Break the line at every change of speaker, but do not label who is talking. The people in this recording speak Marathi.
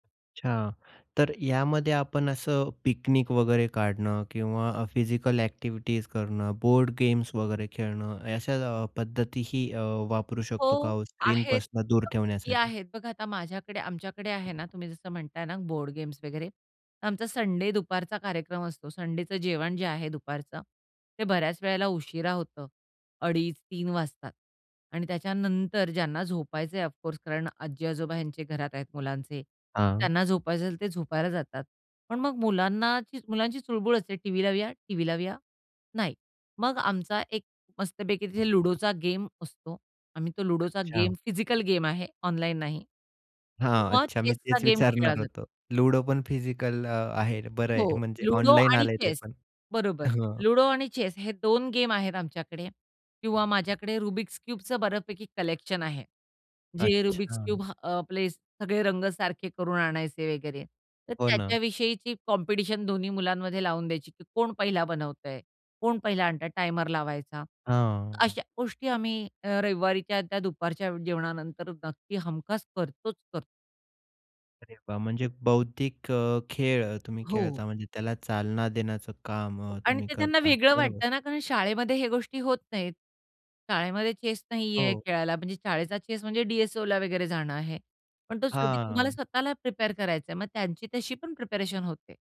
अच्छा. तर यामध्ये आपण असं पिकनिक वगैरे काढणं किंवा अ, फिजिकल ॲक्टिव्हिटीज करणं, बोर्ड गेम्स वगैरे खेळणं अशा अ, पद्धतीही अ, वापरू शकतो का
हो,
हो
आहेत.
स्क्रीनपासून दूर
[unintelligible]
ठेवण्यासाठी?
आहेत. बघा आता माझ्याकडे, आमच्याकडे आहे ना, तुम्ही जसं म्हणताय ना बोर्ड गेम्स वगैरे. तर आमचा संडे दुपारचा कार्यक्रम असतो. संडेचं जेवण जे आहे दुपारचं, ते बऱ्याच वेळेला उशिरा होतं. अडीच, 3:00 वाजतात आणि त्याच्यानंतर ज्यांना झोपायचंय, ऑफकोर्स कारण आजी-आजोबा ह्यांचे घरात आहेत, मुलांचे,
हां.
त्यांना झोपायचं असेल तर ते झोपायला जातात. पण मग मुलांना ची मुलांची चुळबुळ असते, "टीव्ही लावूया? टीव्ही लावूया?" "नाही." मग आमचा एक मस्तपैकी तिथे लुडोचा गेम असतो. आम्ही तो लुडोचा
अच्छा.
गेम, फिजिकल गेम आहे, ऑनलाइन नाही
हां,
किंवा
अच्छा, मी
चेसचा
तेच
गेम खेळला
विचारणार
जा
होतो. लुडो पण फिजिकल अ, आहे, बरं आहे,
हो,
म्हणजे
लुडो
ऑनलाइन
आणि
आलंय ते
चेस.
पण,
बरोबर,
हं.
लुडो आणि चेस हे 2 गेम आहेत आमच्याकडे किंवा माझ्याकडे रुबिक्स क्यूबचं बऱ्यापैकी कलेक्शन आहे, जे रुबिक्स
अच्छा.
क्यूब, अ, आपले सगळे रंग सारखे करून आणायचे वगैरे. तर
हो ना.
त्याच्याविषयीची कॉम्पिटिशन दोन्ही मुलांमध्ये लावून द्यायची, की कोण पहिला बनवतंय, कोण पहिला आणतंय, टायमर लावायचा.
हां.
अशा गोष्टी आम्ही अ, रविवारी त्या त्या दुपारच्या जेवणानंतर नक्की हमखास करतोच करतो.
अरे वा! म्हणजे बौद्धिक अ, खेळ अ, तुम्ही
हो.
खेळता, म्हणजे त्याला चालना देण्याचं काम अ,
आणि
तुम्ही
ते त्यांना
करता,
वेगळं
बरोबर?
वाटतं ना कारण शाळेमध्ये हे गोष्टी होत नाहीत. शाळेमध्ये चेस नाहीये
हो.
खेळायला, म्हणजे शाळेचा चेस म्हणजे डी-एस-ओला वगैरे जाणं आहे, पण तो शेवटी तुम्हाला
हां.
स्वतःला प्रिपेअर करायचा आहे, मग त्यांची तशी पण प्रिपरेशन होते.